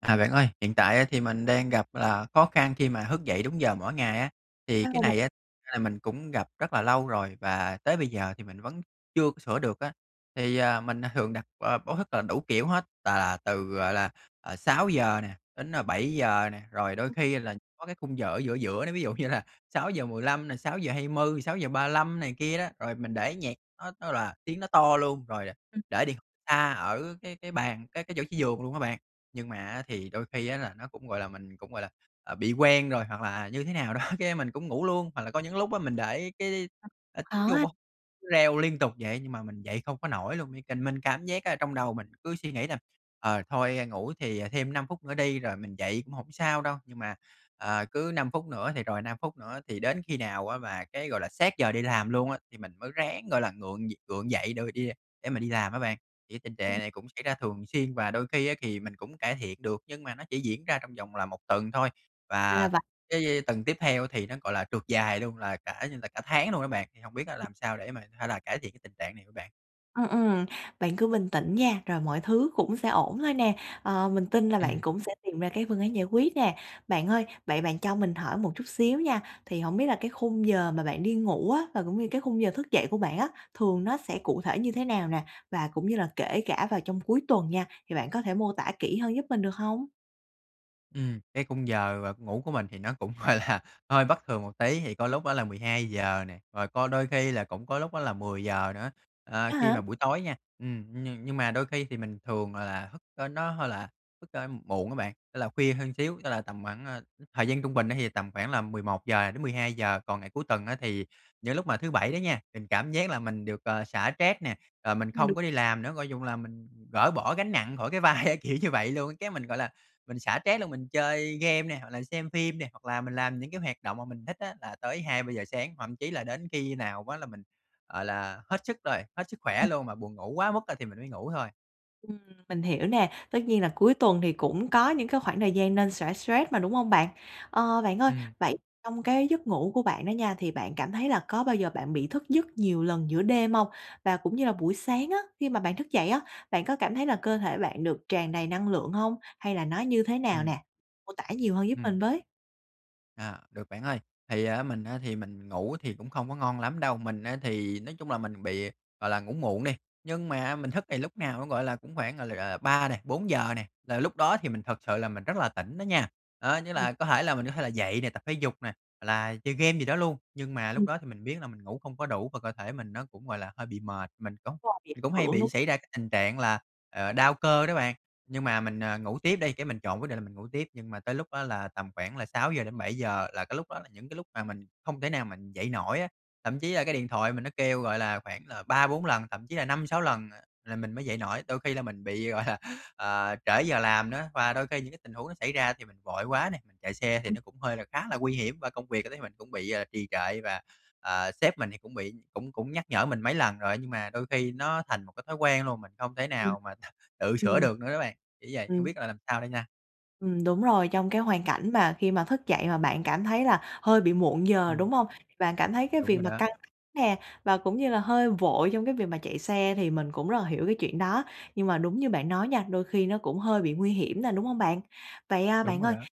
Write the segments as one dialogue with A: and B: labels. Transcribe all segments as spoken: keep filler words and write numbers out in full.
A: À, bạn ơi, hiện tại á thì mình đang gặp là khó khăn khi mà thức dậy đúng giờ mỗi ngày á. Thì cái
B: [unintelligible]
A: này á thật ra là mình cũng gặp rất là lâu rồi, và tới bây giờ thì mình vẫn chưa có sửa được á. Thì, à, mình, à, thường đặt b báo thức là đủ kiểu hết, tà là từ, gọi là, ờ, sáu giờ nè, đến bảy giờ nè, rồi đôi
B: Ừm.
A: khi là có cái khung giờ ở giữa giữa nữa ví dụ như là sáu giờ mười lăm này, sáu giờ hai mươi, sáu giờ ba lăm này kia đó. Rồi mình để nhạc nó nó là tiếng nó to luôn rồi là
B: Ừm.
A: để đi xa ở cái cái bàn, cái cái chỗ chí giường luôn á bạn, nhưng mà á, thì đôi khi á, là nó cũng gọi là, mình cũng, gọi là, à, bị quen rồi hoặc là, à, như thế nào đó, cái mình cũng ngủ luôn. Hoặc là có những lúc á mình để cái,
B: [unintelligible]
A: à,
B: Ờ
A: tiếng chuông b
B: ha.
A: cứ reo liên tục vậy, nhưng mà mình dậy không có nổi luôn, như cần mình cảm giác á là trong đầu mình cứ suy nghĩ là "Ờ, thôi ngủ thì thêm năm phút nữa đi, rồi mình dậy cũng hổng sao đâu." Nhưng mà, à, cứ năm phút nữa thì rồi năm phút nữa, thì đến khi nào á mà cái, gọi là, sát giờ đi làm luôn á, thì mình mới ráng, gọi là, ngượng nh gượng dậy đ đi đề để mà đi làm á bạn. Thì cái tình trạng
B: Ừm.
A: này cũng xảy ra thường xuyên và đôi khi á, kì mình cũng cải thiện được, nhưng mà nó chỉ diễn ra trong vòng là một tuần thôi.
B: Ra là
A: Và
B: v
A: cái tuần tiếp theo thì nó, gọi là, trượt dài luôn, là cả như là cả tháng luôn á bạn, thì hông biết á
B: [unintelligible]
A: làm sao để mà hay là cải thiện cái tình trạng này hở bạn?
B: Ừm, ừm, bạn cứ bình tĩnh nha, rồi mọi thứ cũng sẽ ổn thôi nè. Ờ, mình tin là bạn
A: Ừm.
B: cũng sẽ tìm ra cái phương án giải quyết nè. Bạn ơi, vậy bạn cho mình hỏi một chút xíu nha, thì hổng biết là cái khung giờ mà bạn đi ngủ á và cũng như cái khung giờ thức dậy của bạn á, thường nó sẽ cụ thể như thế nào nè và cũng như là kể cả vào trong cuối tuần nha, thì bạn có thể mô tả kỹ hơn giúp mình được hông?
A: Ừm, cái khung giờ, ờ, ngủ của mình thì nó cũng, gọi là, hơi bất thường một tí thì có
B: [unintelligible]
A: lúc đó là mười hai giờ nè, rồi có đôi khi là cũng có lúc đó là mười giờ nữa. Ờ,
B: A
A: khi
B: hả?
A: mà buổi tối nha ừm, ừm, nhưng mà đôi khi thì mình thường là thức ơ, nó hơi là thức, a, muộn á bạn, tức là khuya hơn xíu, tức là tầm khoảng à, ư, thời gian trung bình thì tầm khoảng là mười một giờ đến mười hai giờ. Còn ngày cuối tuần á thì những lúc mà thứ Bảy đó nha, mình cảm giác là mình được, ờ, xả stress nè, rồi mình
B: Mình được
A: không có đi làm nữa, gọi chung là mình gỡ bỏ gánh nặng khỏi cái vai kiểu như vậy luôn. Cái mình, gọi là, mình xả stress luôn mình chơi game nè hoặc là xem phim nè, hoặc là mình làm những cái hoạt động mà mình thích á là tới hai ba giờ sáng, thậm chí là đến khi nào á là mình, gọi là, hết sức rồi, hết sức
B: Ừ.
A: khỏe luôn và buồn ngủ quá mức, a, thì mình mới ngủ thôi.
B: Ừm, mình hiểu nè. Tất nhiên là cuối tuần thì cũng có những cái khoảng thời gian nên xả stress mà, đúng hông bạn? Ờ, bạn ơi,
A: Ừm.
B: vậy trong cái giấc ngủ của bạn đó nha thì bạn cảm thấy là có bao giờ bạn bị thức giấc nhiều lần giữa đêm hông? Và cũng như là buổi sáng á, khi mà bạn thức dậy á, bạn có cảm thấy là cơ thể bạn được tràn đầy năng lượng hông, hay là nó như thế nào
A: Ừm.
B: nè? Mô tả nhiều hơn giúp mình
A: Ừm.
B: với.
A: Ờ, được bạn ơi. Thì á mình á thì mình ngủ thì cũng không có ngon lắm đâu. Mình á thì nói chung là mình bị, gọi là, ngủ muộn đi, nhưng mà mình thức thì lúc nào nó, gọi là, cũng khoảng, gọi là, ờ ba nè, bốn giờ nè, là lúc đó thì mình thật sự là mình rất là tỉnh đó nha. Đó như
B: Ừm.
A: là có thể là mình có thể là dậy nè, tập thể dục nè, hoặc là chơi game gì đó luôn, nhưng mà lúc
B: Ừm.
A: đó thì mình biết là mình ngủ không có đủ và cơ thể mình nó cũng gọi là hơi bị mệt. Mình cũng
B: Rồi, bị
A: cũng hay
B: hưởng
A: bị
B: đúng
A: xảy ra cái tình trạng là, ờ, đau cơ đó bạn, nhưng mà mình, ờ, ngủ tiếp đi. Cái mình chọn quyết định là mình ngủ tiếp, nhưng mà tới lúc đó là tầm khoảng là sáu giờ đến bảy giờ là cái lúc đó là những cái lúc mà mình không thể nào mình dậy nổi á. Thậm chí là cái điện thoại mình nó kêu, gọi là, khoảng là ba bốn lần, thậm chí là năm sáu lần là mình mới dậy nổi. Đôi khi là mình bị, gọi là, ờ, trễ giờ làm nữa và đôi khi những cái tình huống nó xảy ra thì mình vội quá nè, chạy xe thì
B: Ừm.
A: nó cũng hơi là khá là nguy hiểm, và công việc thì thấy mình cũng bị trì trệ và, ờ, sếp mình thì cũng bị cũng cũng nhắc nhở mình mấy lần rồi, nhưng mà đôi khi nó thành một cái thói quen luôn, mình không thể
B: Ừm.
A: nào mà th tự sửa
B: Ừm.
A: được nữa á bạn. Chỉ vậy, hông
B: Ừm.
A: biết là làm sao đây nha.
B: Ừm, đúng rồi, trong cái hoàn cảnh mà khi mà thức dậy mà bạn cảm thấy là hơi bị muộn giờ,
A: Ừm.
B: đúng hông? Bạn cảm thấy cái
A: Đúng
B: việc
A: rồi
B: mà
A: đó.
B: căng th nè, và cũng như là hơi vội trong cái việc mà chạy xe thì mình cũng rất là hiểu cái chuyện đó. Nhưng mà đúng như bạn nói nha, đôi khi nó cũng hơi bị nguy hiểm nè, đúng hông bạn? Vậy, à,
A: Đúng
B: bạn
A: rồi
B: ơi,
A: đó.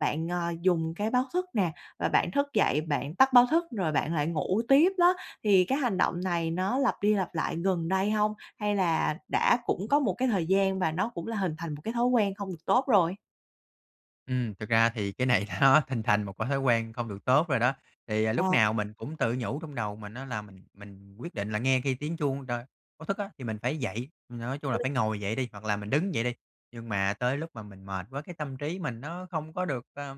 B: bạn, ờ, dùng cái báo thức nè, và bạn thức dậy bạn tắt báo thức rồi bạn lại ngủ tiếp đó, thì cái hành động này nó lặp đi lặp lại gần đây hông? Hay là đã cũng có một cái thời gian và nó cũng là hình thành một cái thói quen không được tốt rồi?
A: Ừm, thực ra thì cái này nó hình thành một cái thói quen không được tốt rồi đó. Thì, à, lúc
B: Ờ.
A: nào mình cũng tự nhủ trong đầu mình á là "Mình mình quyết định là nghe khi tiếng chuông đ báo thức á, thì mình phải dậy. Ừm, nói chung là
B: [unintelligible]
A: phải ngồi dậy đi, hoặc là mình đứng dậy đi." Nhưng mà tới lúc mà mình mệt quá, cái tâm trí mình nó không có được, ơ,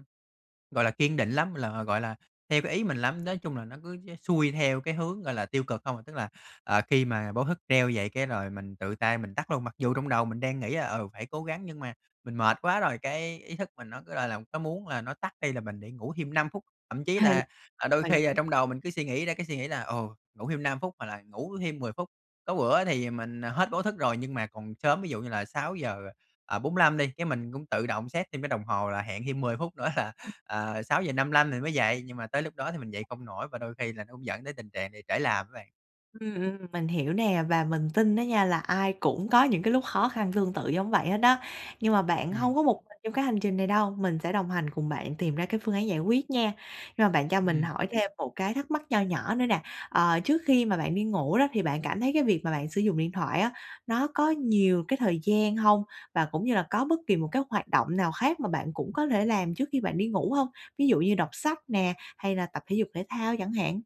A: gọi là, kiên định lắm, là, gọi là, theo cái ý mình lắm. Nói chung là nó cứ dễ xuôi theo cái hướng, gọi là, tiêu cực không à, tức là, ờ, khi mà báo thức treo vậy, cái rồi mình tự tay mình tắt luôn, mặc dù trong đầu mình đang nghĩ là "Ừ, phải cố gắng" nhưng mà mình mệt quá rồi, cái ý thức mình nó cứ, gọi là, có muốn là nó tắt đi là mình để ngủ thêm năm phút, thậm chí
B: Ừ.
A: là, ờ, đôi
B: Mình
A: khi, ờ,
B: hiểu.
A: trong đầu mình cứ suy nghĩ ra cái suy nghĩ là "Ồ, ngủ thêm năm phút hoặc là ngủ thêm mười phút." Có bữa thì, à, mình, ờ, hết báo thức rồi nhưng mà còn sớm, ví dụ như là sáu giờ bốn lăm đi, cái mình cũng tự động set thêm cái đồng hồ là hẹn thêm mười phút nữa là,
B: [unintelligible]
A: ờ, sáu giờ năm lăm thì mới dậy, nhưng mà tới lúc đó thì mình dậy không nổi và đôi khi là nó cũng dẫn đến tình trạng bị trễ làm á bạn.
B: Ừm, ừm, mình hiểu nè, và mình tin á nha là ai cũng có những cái lúc khó khăn tương tự giống vậy hết á. Nhưng mà bạn
A: Ừm.
B: hông có một mình trong cái hành trình này đâu, mình sẽ đồng hành, cùng bạn tìm ra cái phương án giải quyết nha. Rồi, bạn cho mình
A: Ừm.
B: hỏi thêm một cái thắc mắc nho nhỏ nữa nè, ờ, trước khi mà bạn đi ngủ đó, thì bạn cảm thấy cái việc mà bạn sử dụng điện thoại á, nó có nhiều cái thời gian hông? Và cũng như là có bất kỳ một cái hoạt động nào khác mà bạn cũng có thể làm trước khi bạn đi ngủ hông? Ví dụ như đọc sách nè, hay là tập thể dục thể thao chẳng hạn.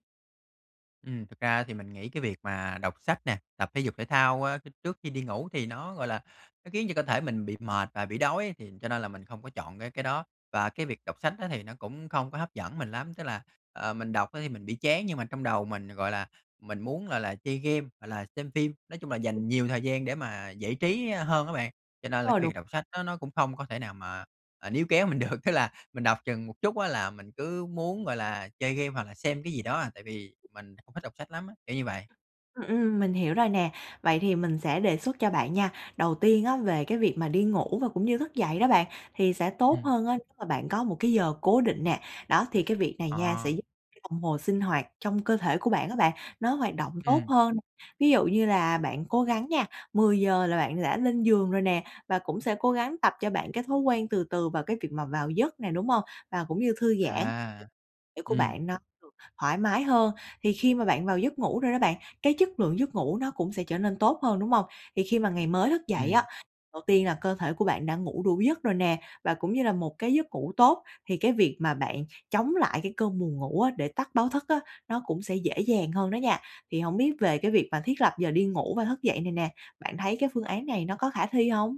A: Ừm, thực ra thì mình nghĩ cái việc mà đọc sách nè, tập thể dục thể thao, a, khi trước khi đi ngủ thì nó, gọi là, nó khiến cho cơ thể mình bị mệt và bị đói thì cho nên là mình không có chọn cái cái đó. Và cái việc đọc sách á thì nó cũng không có hấp dẫn mình lắm, tức là, ờ, mình đọc á thì mình bị chán nhưng mà trong đầu mình, gọi là, mình muốn, gọi là, chơi game hoặc là xem phim, nói chung là
B: Ừm.
A: dành nhiều thời gian để mà giải trí hơn á bạn. Cho nên là
B: Ờ,
A: cái
B: đúng.
A: việc đọc sách đó nó cũng không có thể nào mà, à, níu kéo mình được, tức là mình đọc chừng một chút á là mình cứ muốn, gọi là, chơi game hoặc là xem cái gì đó à, tại vì mình không thích đọc sách lắm á. Kiểu như vậy.
B: Ừm, ừm, mình hiểu rồi nè, vậy thì mình sẽ đề xuất cho bạn nha. Đầu tiên á về cái việc mà đi ngủ và cũng như thức dậy đó bạn, thì sẽ tốt
A: Ừm.
B: hơn á nếu mà bạn có một cái giờ cố định nè. Đó, thì cái việc này nha sẽ
A: Ờ.
B: giúp [unintelligible] đồng hồ sinh hoạt trong cơ thể của bạn á bạn, nó hoạt động tốt
A: Ừm.
B: hơn. Ví dụ như là bạn cố gắng nha, mười giờ là bạn đã lên giường rồi nè, và cũng sẽ cố gắng tập cho bạn cái thói quen từ từ vào cái việc mà vào giấc nè, đúng hông? Và cũng như thư giãn
A: À.
B: [unintelligible] của bạn
A: Ừm.
B: nó được thoải mái hơn. Thì khi mà bạn vào giấc ngủ rồi đó bạn, cái chất lượng giấc ngủ nó cũng sẽ trở nên tốt hơn, đúng hông? Thì khi mà ngày mới thức dậy á,
A: Ừm.
B: đầu tiên là cơ thể của bạn đã ngủ đủ giấc rồi nè, và cũng như là một cái giấc ngủ tốt thì cái việc mà bạn chống lại cái cơn buồn ngủ á, để tắt báo thức á, nó cũng sẽ dễ dàng hơn đó nha. Thì hổng biết về cái việc mà thiết lập giờ đi ngủ và thức dậy này nè, bạn thấy cái phương án này nó có khả thi hông?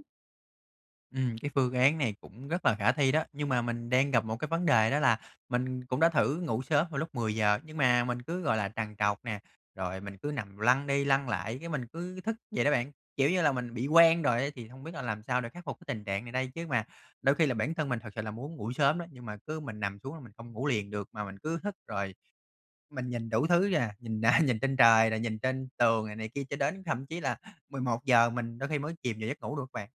A: Ừm, cái phương án này cũng rất là khả thi đó, nhưng mà mình đang gặp một cái vấn đề đó là mình cũng đã thử ngủ sớm vào lúc mười giờ, nhưng mà mình cứ, gọi là, trằn trọc nè, rồi mình cứ nằm lăn đi lăn lại, cái, mình cứ thức vậy đó bạn. Kiểu như là mình bị quen rồi á thì không biết là làm sao để khắc phục cái tình trạng này đây? Chứ mà đôi khi là bản thân mình thực sự là muốn ngủ sớm đó nhưng mà cứ mình nằm xuống là mình không ngủ liền được mà mình cứ thức rồi mình nhìn đủ thứ vậy à, nhìn nhìn trên trời rồi nhìn trên tường rồi này kia cho đến thậm chí là mười một giờ mình đôi khi mới chìm vào giấc ngủ được bạn.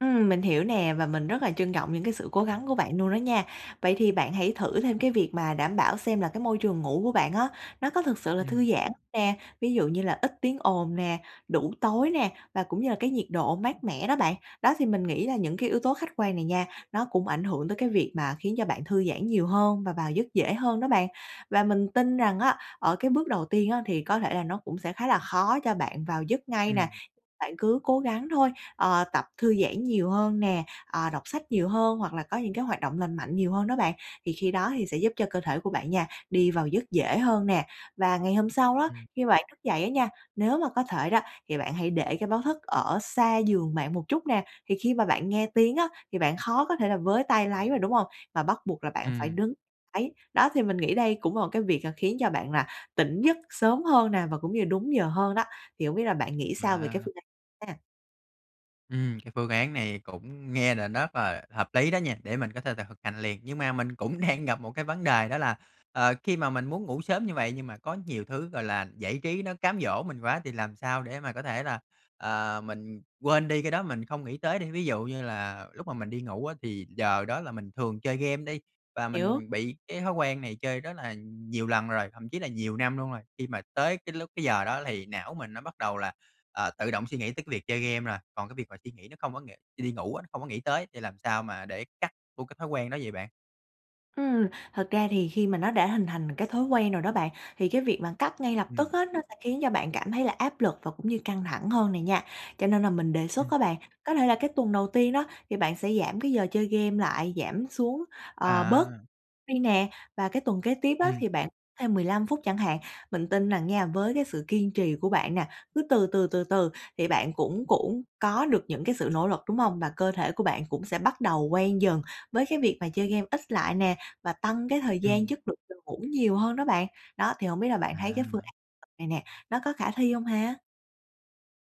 B: Ừm, mình hiểu nè và mình rất là trân trọng những cái sự cố gắng của bạn luôn đó nha! Vậy thì bạn hãy thử thêm cái việc mà đảm bảo xem là cái môi trường ngủ của bạn á nó có thực sự là
A: Ừm.
B: thư giãn nè, ví dụ như là ít tiếng ồn nè, đủ tối nè, và cũng như là cái nhiệt độ mát mẻ đó bạn. Đó thì mình nghĩ là những cái yếu tố khách quan này nha, nó cũng ảnh hưởng tới cái việc mà khiến cho bạn thư giãn nhiều hơn và vào giấc dễ hơn đó bạn. Và mình tin rằng á, ở cái bước đầu tiên á thì có thể là nó cũng sẽ khá là khó cho bạn vào giấc ngay nè,
A: Ừm.
B: bạn cứ cố gắng thôi. Ờ, tập thư giãn nhiều hơn nè, ờ, đọc sách nhiều hơn hoặc là có những cái hoạt động lành mạnh nhiều hơn đó bạn. Thì khi đó thì sẽ giúp cho cơ thể của bạn nha, đi vào giấc dễ hơn nè. Và ngày hôm sau đó,
A: Ừm.
B: khi bạn thức dậy á nha, nếu mà có thể đó thì bạn hãy để cái báo thức ở xa giường bạn một chút nè, thì khi mà bạn nghe tiếng á thì bạn khó có thể là với tay lấy mà, đúng không? Mà bắt buộc là bạn phải
A: Ừm.
B: đứng lấy. Đó thì mình nghĩ đây cũng là một cái việc khiến cho bạn là tỉnh giấc sớm hơn nè và cũng như là đúng giờ hơn đó, thì hông biết là bạn nghĩ sao về cái
A: À.
B: phương án ha?
A: Ừm, cái phương án này cũng nghe nà nớp à, hợp lý đó nha, để mình có thể thà thực hành liền. Nhưng mà mình cũng đang gặp một cái vấn đề đó là, ờ, khi mà mình muốn ngủ sớm như vậy nhưng mà có nhiều thứ, gọi là, giải trí nó cám dỗ mình quá thì làm sao để mà có thể là, à, mình quên đi cái đó, mình không nghĩ tới đi? Ví dụ như là lúc mà mình đi ngủ á thì giờ đó là mình thường chơi game đi, và
B: Hiểu.
A: mình bị cái thói quen này chơi rất là nhiều lần rồi, thậm chí là
B: [unintelligible]
A: nhiều năm luôn rồi. Khi mà tới cái lúc, cái giờ đó thì não mình nó bắt đầu là, à, tự động suy nghĩ tới cái việc chơi game rồi. Còn cái việc mà suy nghĩ nó không có ng khi đi ngủ á, nó không có nghĩ tới thì làm sao mà để cắt luôn cái thói quen đó vậy bạn?
B: Ừm. Thật ra thì khi mà nó đã hình thành cái thói quen rồi đó bạn, thì cái việc bạn cắt ngay lập tức
A: Ừm.
B: á, nó sẽ khiến cho bạn cảm thấy là áp lực và cũng như căng thẳng hơn này nha. Cho nên là mình đề xuất
A: Ừm.
B: á bạn, có thể là cái tuần đầu tiên đó, thì bạn sẽ giảm cái giờ chơi game lại, giảm xuống, ờ, bớt
A: À!
B: đi nè. Và cái tuần kế tiếp á
A: Ừm.
B: thì bạn thêm mười lăm phút chẳng hạn. Mình tin rằng nha, với cái sự kiên trì của bạn nè, cứ từ từ, từ từ thì bạn cũng cũng có được những cái sự nỗ lực, đúng hông? Và cơ thể của bạn cũng sẽ bắt đầu quen dần với cái việc mà chơi game ít lại nè và tăng cái thời gian
A: Ừm.
B: chất lượng từ ngủ nhiều hơn đó bạn. Đó thì hông biết là bạn thấy cái phương
A: À.
B: án [unintelligible] này nè, nó có khả thi hông ha?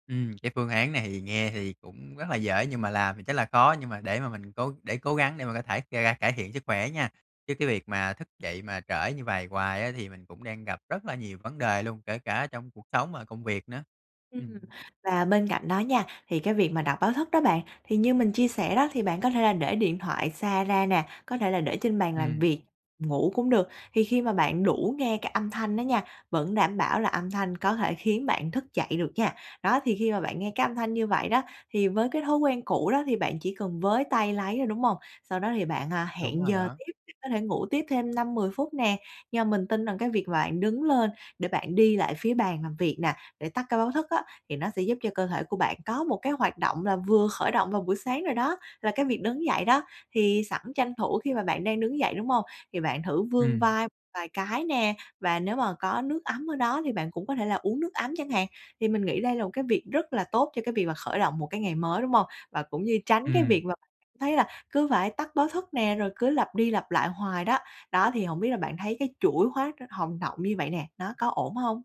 A: Ừm, cái phương án này thì nghe thì cũng rất là dễ nhưng mà làm thì chắc là khó, nhưng mà để mà mình cố để cố gắng để mình có thể ngày càng cải thiện sức khỏe nha, chứ cái việc mà thức dậy mà trễ như vầy hoài á thì mình cũng đang gặp rất là nhiều vấn đề luôn, kể cả trong cuộc sống và công việc nữa.
B: Ừm.
A: Ừm.
B: Và bên cạnh đó nha, thì cái việc mà đặt báo thức đó bạn, thì như mình chia sẻ đó thì bạn có thể là để điện thoại xa ra nè, có thể là để trên bàn làm
A: Ừm.
B: việc, ngủ cũng được. Thì khi mà bạn đủ nghe cái âm thanh đó nha, vẫn đảm bảo là âm thanh có thể khiến bạn thức dậy được nha. Đó, thì khi mà bạn nghe cái âm thanh như vậy đó, thì với cái thói quen cũ đó thì bạn chỉ cần với tay lấy thôi, đúng hông? Sau đó thì bạn, à,
A: Đúng
B: hẹn
A: rồi
B: giờ
A: đó.
B: tiếp, có thể ngủ tiếp thêm năm mười phút nè. Nhưng mà mình tin rằng cái việc vạn đứng lên để bạn đi lại phía bàn làm việc nè, để tắt cái báo thức á, thì nó sẽ giúp cho cơ thể của bạn có một cái hoạt động là vừa khởi động vào buổi sáng rồi đó, là cái việc đứng dậy đó. Thì sẵn tranh thủ khi mà bạn đang đứng dậy đúng hông, thì bạn thử vươn
A: Ừm.
B: vai vài cái nè, và nếu mà có nước ấm ở đó thì bạn cũng có thể là uống nước ấm chẳng hạn. Thì mình nghĩ đây là một cái việc rất là tốt cho cái việc mà khởi động một cái ngày mới, đúng hông? Và cũng như tránh cái
A: Ừm.
B: việc mà thấy là cứ phải tắt báo thức nè, rồi cứ lặp đi lặp lại hoài đó. Đó, thì hổng biết là bạn thấy cái chuỗi hóa hồng động như vậy nè, nó có ổn hông?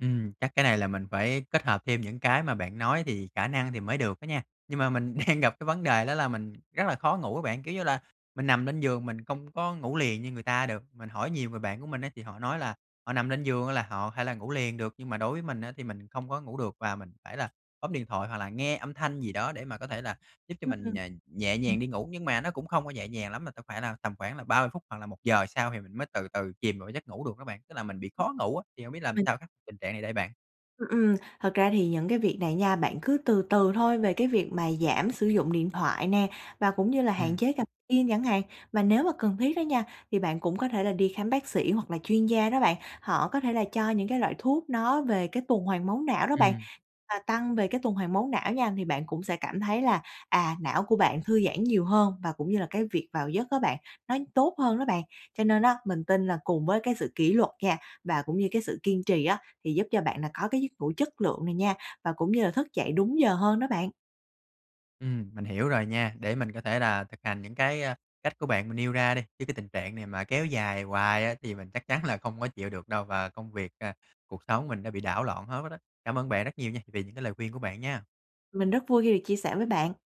A: Ừm, chắc cái này là mình phải kết hợp thêm những cái mà bạn nói thì khả năng thì mới được đó nha. Nhưng mà mình đang gặp cái vấn đề đó là mình rất là khó ngủ á bạn, kiểu như là, mình nằm lên giường mình không có ngủ liền như người ta được. Mình hỏi nhiều người bạn của mình á thì họ nói là họ nằm lên giường thôi là họ thể là ngủ liền được, nhưng mà đối với mình á thì mình không có ngủ được, và mình phải là bấm điện thoại hoặc là nghe âm thanh gì đó, để mà có thể là giúp cho
B: Ừm,
A: mình, ờ, nhẹ
B: ừm.
A: nhàng đi ngủ. Nhưng mà nó cũng không có nhẹ nhàng lắm mà cần phải là tầm khoảng là ba mươi phút hoặc là một giờ sau thì mình mới từ từ chìm vào cái giấc ngủ được đó bạn, tức là mình bị khó ngủ á. Thì hông biết làm
B: Mình
A: sao khắc tình trạng này đây bạn?
B: Ừm, ừm, thật ra thì những cái việc này nha, bạn cứ từ từ thôi về cái việc mà giảm sử dụng điện thoại nè, và cũng như là hạn
A: Ừm.
B: chế gập gym chẳng hạn. Và nếu mà cần thiết á nha, thì bạn cũng có thể là đi khám bác sĩ hoặc là chuyên gia đó bạn, họ có thể là cho những cái loại thuốc nó về cái tuần hoàn máu não đó bạn
A: Ừm.
B: và tăng về cái tuần hoàn máu não nha, thì bạn cũng sẽ cảm thấy là, à, não của bạn thư giãn nhiều hơn, và cũng như là cái việc vào giấc á bạn, nó tốt hơn đó bạn. Cho nên á mình tin là cùng với cái sự kỷ luật nha, và cũng như cái sự kiên trì á thì giúp cho bạn là có cái giấc ngủ chất lượng này nha, và cũng như là thức dậy đúng giờ hơn đó bạn.
A: Ừm, mình hiểu rồi nha, để mình có thể là thực hành những cái, a, cách của bạn mà nêu ra đi, chứ cái tình trạng này mà kéo dài hoài á thì mình chắc chắn là không có chịu được đâu và công việc, à, cuộc sống mình đã bị đảo loạn hết đó đó. Cảm ơn bạn rất nhiều nha vì những cái lời khuyên của bạn nha!
B: Mình rất vui khi được chia sẻ với bạn.